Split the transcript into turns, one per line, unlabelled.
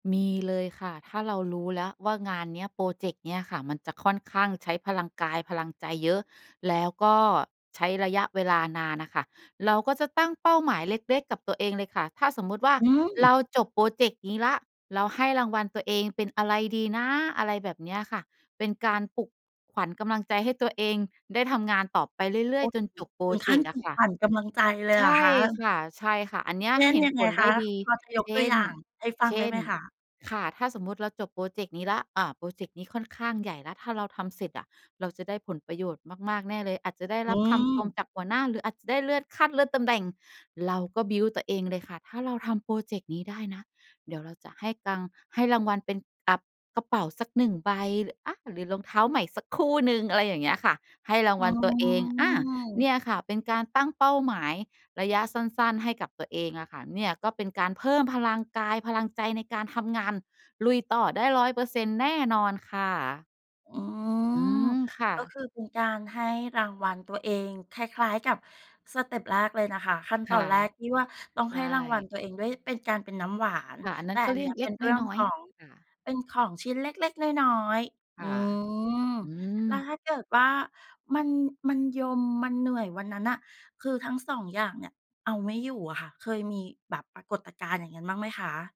มีเลยค่ะ ถ้าเรารู้แล้วว่างานเนี้ย พรอเจกต์เนี้ยค่ะ มันจะค่อนข้างใช้พลังกาย พลังใจเยอะ แล้วก็ใช้ระยะเวลานานน่ะค่ะ เราก็จะตั้งเป้าหมายเล็ก ๆ กับตัวเองเลยค่ะ ถ้าสมมุติว่า
อื
เร
ม
าจบพรอเจกต์นี้แล้ว เราให้รางวัลตัวเองเป็นอะไรดีนะ อะไรแบบเนี้ยค่ะ เป็นการปลุกขวัญกำลังใจให้ตัวเองได้ทำงานต่อไปเรื่อ
โอ
ย
้โ
ๆ จ
ฮ
นจบพรอ
ถึง
เ
ข
จ
ั้น
กต์อ
ปล
ะ
ุก
ค่ะ
ขวัญกำลังใจเลย
ใช
เหรอ
่
คะ?
ค่ะ ๆ อันเนี้ย
เช่น
เห็น
ยัง
ผ
ไง
ล
ค
ได้
ะ
ดี
พอจะย
เ
ก
ช
ตัว
่
อ
น
ย่างให้ฟั
เ
ง
ช
ได้
่
ไห
น
มคะ?
ค่ะ ถ้าสมมุติเราจบพรอเจกต์นี้แล้ว อา พรอเจกต์นี้ค่อนข้างใหญ่แล้ว ถ้าเราทำเสร็จอะเราจะได้ผลประโยชน์มาก ๆ แน่เลย อาจจะได้
อื
รับคำชม
ม
จากหัวหน้า หรืออาจจะได้เลื่อนขั้น เลื่อนตำแหน่ง เราก็ บิลด์ ตัวเองเลยค่ะ ถ้าเราทำพรอเจกต์นี้ได้นะ เดี๋ยวเราจะให้ตังค์ ให้รางวัลเป็น อ่า กระเป๋าสัก 1 ใบ ร อา หรือรองเท้าใหม่สักคู่หนึ่ง อะไรอย่างเงี้ยค่ะ ให้รา
อ
ง
ื
วัลตัวเอง อา เ
ม
นี่ยค่ะเป็นการตั้งเป้าหมายระยะสั้น ๆ ให้กับตัวเองอะค่ะ เนี่ยก็เป็นการเพิ่มพลังกายพลังใจในการทำงาน ลุยต่อได้ 100%แน่นอนค่ะ
อื
อื
ม
ม ค่ะ
ก็คือเป็นการให้รางวัลตัวเอง คล้าย ๆ กับสเตปแรกเลยนะคะ ขั้นต
ค
อ
่ะ
นแรกที่ว่าต้อง
ใช
ให้รางวัล
่
ตัวเองด้วยเป็นการ เป็นน้ำหวาน
ค่ะ อันน
แ
ั้
ต่
นก็
อั
เ
น
รื
น
่
ี
อ
้
ง
เ
เล
ป
็
็
ก
นเรื่อ
น
ง
้อ
ข
ย
อง
ๆ ค่ะ
เป็นของชิ้นเล็ก ๆ น้อย ๆ
ค
อื
่ะ
ม
อื
แล้ว
ม
ถ้าเกิดว่ามัน มันยม มันเหนื่อยวันนั้นน่ะ คือทั้ง 2 อย่างเนี่ยเอาไม่อยู่อะค่ะ เคยมีแบบปรากฏการณ์อย่างนั้นบ้างไหมคะ?